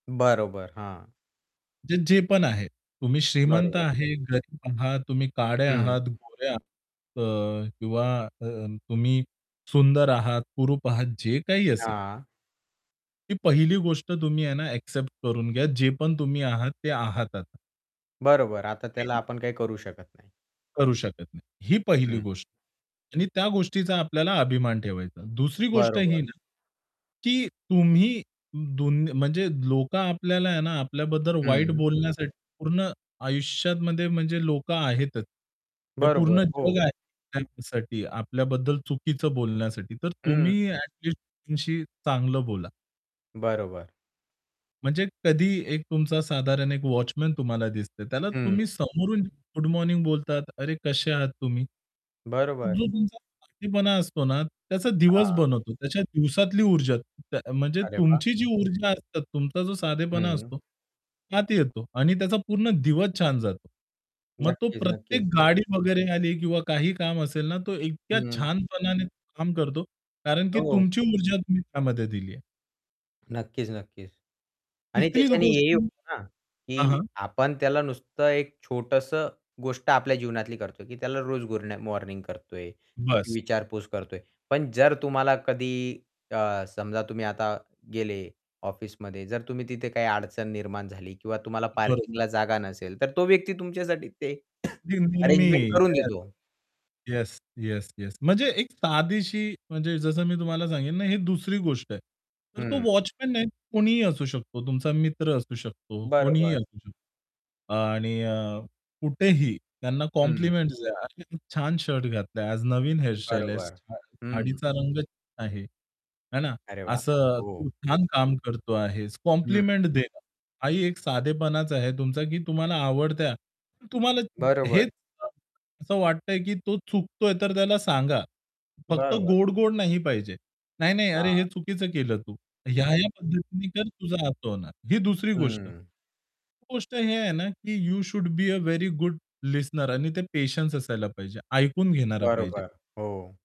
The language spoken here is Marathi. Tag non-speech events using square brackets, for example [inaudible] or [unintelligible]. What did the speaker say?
बरोबर, हां. जे जे पण आहे. तुम्ही श्रीमंत बरोबर. आहात, गरीब आहात, तुम्ही काळे हं. आहात, गोरे आहात क किंवा अ, तुम्ही सुंदर आहात, कुरूप आहात जे काही असेल. हां. ही पहिली गोष्ट तुम्ही आहे ना एक्सेप्ट करून घ्या, जे पण तुम्ही आहात ते आहात आता. बरोबर. आता त्याला [unintelligible] आपण काही करू शकत नाही. करू शकत नाही. ही पहिली हं. गोष्ट आहे. आणि त्या गोष्टीचा आपल्याला अभिमान ठेवायचा. दुसरी गोष्ट ही बरोबर. ना, की तुम्ही 2 म्हणजे लोक आपल्याला आहे ना, आपल्याबद्दल वाईट हं. बोलण्यासाठी पूर्ण आयुष्यामध्ये म्हणजे लोक आहेतच. हे बरोबर, पूर्ण हो. जग आहे त्याचसाठी आपल्याबद्दल चुकीचं बोलण्यासाठी, तर हं. तुम्ही ॲटलिस्ट त्यांच्याशी चांगलं बोला. बरोबर. म्हणजे कधी एक तुमचा साधारण 1 वॉचमन तुम्हाला दिसतो. त्याला हं. तुम्ही समोरून गुड मॉर्निंग बोलतात, "अरे, कसे आहात तुम्ही?" तो बरोबर. जो तुमचा साधेपणा असतो ना, त्याचा दिवस हां. बनवतो. त्या दिवसातली ऊर्जा त्या म्हणजे अरे वाह! तुमची जी ऊर्जा असतात, तुमचा जो साधेपणा हं. असतो त्यात येतो. आणि त्याचा पूर्ण दिवस छान जातो. मग तो नक्कीच, प्रत्येक नक्कीच. गाडी वगैरे आली किंवा काही काम असेल ना, तो इतक्या हं. छानपणाने काम करतो. कारण की हो. तुमची ऊर्जा तुम्ही त्यामध्ये दिली आहे. नक्कीच, नक्कीच. आणि 3री त्याच्याने हेही गोष्ट होतं ना, हां, की हां. आपण त्याला नुसतं एक छोटंसं गोष्ट आपल्या जीवनातली करतोय, की त्याला रोज गुरन मॉर्निंग करतो आहे. त्याची बसं. विचारपूस करतो आहे. पण जर तुम्हाला कधी अ, समजा तुम्ही आता गेले ऑफिसमध्ये जर तुम्ही तिथे काही अडचण निर्माण झाली किंवा तुम्हाला बरोबर. पार्किंगला जागा नसेल तर तो व्यक्ती तुमच्यासाठी ते [coughs] [unintelligible] अरेंजमेंट करून येस. देतो. Yes, yes, yes. म्हणजे एक साधीशी म्हणजे जसं मी तुम्हाला सांगेन ना, ही 2री गोष्ट आहे. तर तो हं. वॉचमन नाही कोणीही असू शकतो. तुमचा मित्र असू शकतो, कोणीही बरोबर. असू शकतो. अ, आणि अ, कुठेही त्यांना हं. कॉम्प्लिमेंट्स द्या. "अरे, किती छान शर्ट घातला आहे. आज नवीन हेअर स्टाईल केलेस बरोबर. छान, हं. साडीचा रंग" "छान आहे." आहे ना अरे वाह! असं. ओह. "तू छान काम करतो आहेस." हं. कॉम्प्लिमेंट देणं हाही एक साधेपणाच आहे तुमचा, की तुम्हाला आवडत्या तुम्हाला बरोबर. हेच, असं वाटतं आहे, की तो चुकतोय तर त्याला सांगा. फक्त बरोबर. गोड-गोड नाही पाहिजे. नाही, नाही, "अरे, हे हां. चुकीचं केलं तू. ह्या, ह्या पद्धतीने कर, तुझं असं होणार." ही 2री गोष्ट. हं. गोष्ट ही आहे ना, की you should be a very good listener आणि ते पेशन्स असायला पाहिजे ऐकून घेणारा पाहिजे. बरोबर. हो.